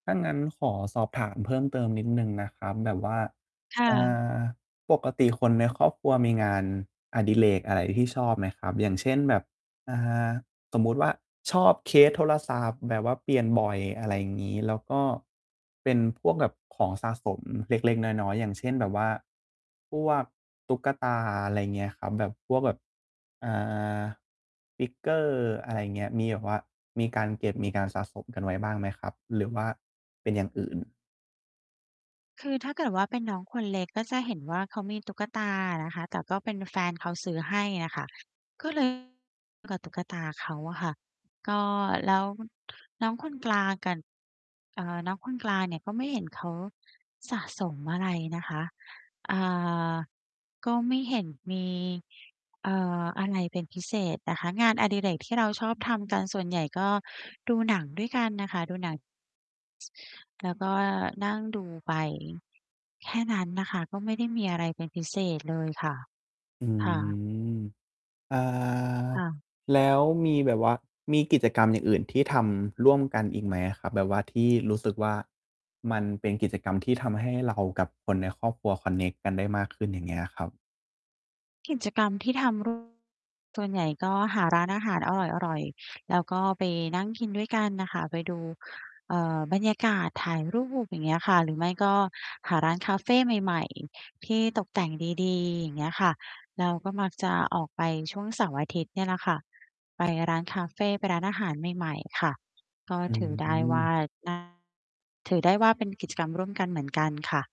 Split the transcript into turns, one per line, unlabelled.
ถ้างั้นขอสอบถามเพิ่มเติมนิดหนึ่งนะครับ แบบว่า
ค่
อ่
ะ
า ปกติคนในครอบครัวมีงานอดิเรกอะไรที่ชอบไหมครับ? อย่างเช่น แบบ อ่า สมมุติว่า ชอบเคสโทรศัพท์แบบว่าเปลี่ยนบ่อย อะไรอย่างงี้ แล้วก็ เป็นพวกแบบของสะสมเล็ก ๆ น้อย ๆ อย่างเช่น แบบว่า พวกตุ๊กตา อะไรเงี้ยครับ แบบพวกแบบ อ่า Figure อะไรเงี้ย มีแบบว่ามีการเก็บ มีการสะสมกันไว้บ้างไหมครับ? หรือว่าเป็นอย่างอื่น?
คือถ้าเกิดว่า เป็นน้องคนเล็กก็จะเห็นว่า เขามีตุ๊กตาอะนะคะ แต่ก็เป็นแฟนเขาซื้อให้อะค่ะ ก็ เลย กับตุ๊กตาเขาอะค่ะ ก็ แล้ว น้องคนกลางกั่น เอ่อ น้องคน กลางเนี่ยก็ไม่เห็นเขาสะสมอะไรนะคะ อ่า ก็ไม่เห็นมี เอ่อ อะไรเป็นพิเศษนะคะ งานอดิเรกที่เราชอบทำกันส่วนใหญ่ ก็ดูหนังด้วยกันน่ะค่ะ ดูหนัง แล้วก็นั่งดูไป แค่นั้นน่ะค่ะ ก็ไม่ได้มีอะไรเป็นพิเศษเลยค่ะ
อื
ค่ะ
ม อ่า
ค่ะ
แล้วมีแบบว่ามีกิจกรรม อย่างอื่นที่ทำร่วมกันอีกไหมอะครับ? แบบว่าที่ รู้สึกว่า มันเป็นกิจกรรมที่ทำให้ เรากับคนในครอบครัวคอนเน็กกันได้มาก ขึ้น อย่างเงี้ยครับ
กิจกรรมที่ทำ ร่วม กันส่วนใหญ่ก็ หาร้านอาหารอร่อย ๆ แล้วก็ไปนั่งกินด้วยกันน่ะค่ะ ไปดู เอ่อ บรรยากาศ ถ่ายรูป อย่างเงี้ยค่ะ หรือไม่ก็หาร้านคาเฟใหม่ ๆ ที่ตกแต่งดี ๆ อย่างเงี้ยค่ะ แล้วก็มักจะออกไปช่วงเสาร์-อาทิตย์เนี่ยแหละค่ะ ไปร้านคาเฟ ไปร้านอาหารใหม่ ๆ ค่ะ ก็
อื
ถือได้ว่า
ม
น่า ถือได้ว่า เป็น กิจกรรมร่วมกันเหมือนกันค่ะ